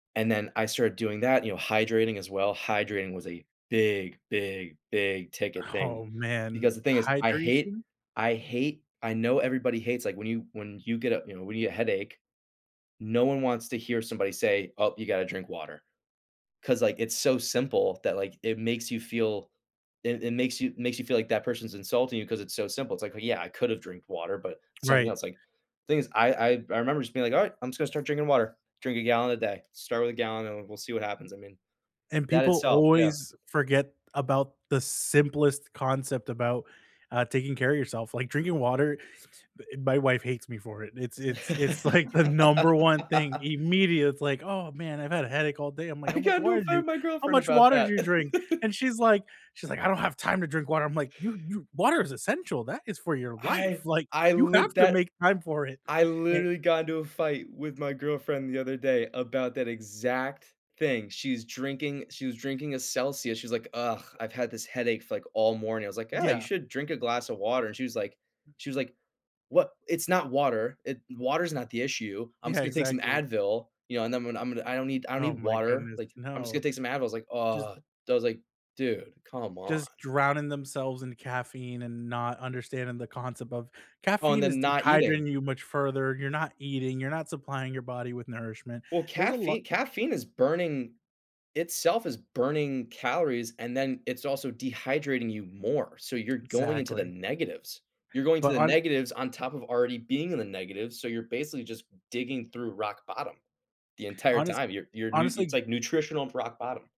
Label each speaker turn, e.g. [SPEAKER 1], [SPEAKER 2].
[SPEAKER 1] And then I started doing that, you know, hydrating as well. Hydrating was a big, big, big ticket thing,
[SPEAKER 2] Oh, man.
[SPEAKER 1] because the thing is, I hate
[SPEAKER 2] Hydration?
[SPEAKER 1] I hate I know everybody hates like when you when you get up, you know, when you get a headache, no one wants to hear somebody say, "Oh, you gotta drink water," 'cause like, it's so simple that, like, it makes you feel it it makes you makes you feel like that person's insulting you 'cause it's so simple. It's like, "Yeah, I could have drinked water," but something
[SPEAKER 2] Right.
[SPEAKER 1] else like, things I I I remember just being like, "Alright. I'm just gonna start drinking water. Drink a gallon a day. Start with a gallon, and we'll see what happens." I mean,
[SPEAKER 2] And
[SPEAKER 1] that
[SPEAKER 2] people
[SPEAKER 1] itself. Yeah.
[SPEAKER 2] always forget about the simplest concept about, uh, taking care of yourself. Like drinking water. My wife hates me for it. It's it's it's like the number one thing immediate. It's like, "Oh man, I've had a headache all day." I'm like,
[SPEAKER 1] I
[SPEAKER 2] "How much
[SPEAKER 1] got into
[SPEAKER 2] water
[SPEAKER 1] a
[SPEAKER 2] did
[SPEAKER 1] fight
[SPEAKER 2] you
[SPEAKER 1] with my
[SPEAKER 2] how
[SPEAKER 1] girlfriend
[SPEAKER 2] much
[SPEAKER 1] about
[SPEAKER 2] water did
[SPEAKER 1] that.
[SPEAKER 2] you drink?" And she's like she's like, "I don't have time to drink water." I'm like, "You you water is essential. That is for your life.
[SPEAKER 1] I
[SPEAKER 2] Like
[SPEAKER 1] I
[SPEAKER 2] you have
[SPEAKER 1] lit
[SPEAKER 2] to
[SPEAKER 1] that
[SPEAKER 2] make time for it."
[SPEAKER 1] I
[SPEAKER 2] A
[SPEAKER 1] literally got into a fight with my girlfriend the other day about that exact thing. She's drinking she was drinking a Celsius. She's like, "Ugh, I've had this headache f like, all morning." I was like, "Yeah. You
[SPEAKER 2] Yeah.
[SPEAKER 1] should drink a glass of water." And she was like she was like, "Wha? It's not water. It water is not the issue. I'm
[SPEAKER 2] Yeah,
[SPEAKER 1] just gonna take some
[SPEAKER 2] exactly.
[SPEAKER 1] Advil." You know? And then "I'm I'm I don't need I don't
[SPEAKER 2] Oh
[SPEAKER 1] need
[SPEAKER 2] my
[SPEAKER 1] water.
[SPEAKER 2] goodness.
[SPEAKER 1] Like, I'm just gonna
[SPEAKER 2] No.
[SPEAKER 1] take some Advil." I was like,
[SPEAKER 2] Just
[SPEAKER 1] "Uh." that was like, "Dude, come on."
[SPEAKER 2] just drowning themselves in caffeine and not understanding the concept of
[SPEAKER 1] Oh, and
[SPEAKER 2] "Caffeine is
[SPEAKER 1] then not eating.
[SPEAKER 2] dehydrating you much further. You're not eating, you're not supplying your body with nourishment."
[SPEAKER 1] Well,
[SPEAKER 2] There's a lot
[SPEAKER 1] caffei caffeine is burning itself is burning calories, and then it's also dehydrating you more. So you're going into the
[SPEAKER 2] Exactly.
[SPEAKER 1] negatives. You're going to
[SPEAKER 2] But
[SPEAKER 1] the
[SPEAKER 2] hone
[SPEAKER 1] negatives on top of already being in the negative, so you're basically just digging through rock bottom the entire
[SPEAKER 2] honest
[SPEAKER 1] time. You're you're new it's
[SPEAKER 2] honestly
[SPEAKER 1] like nutritional for rock bottom.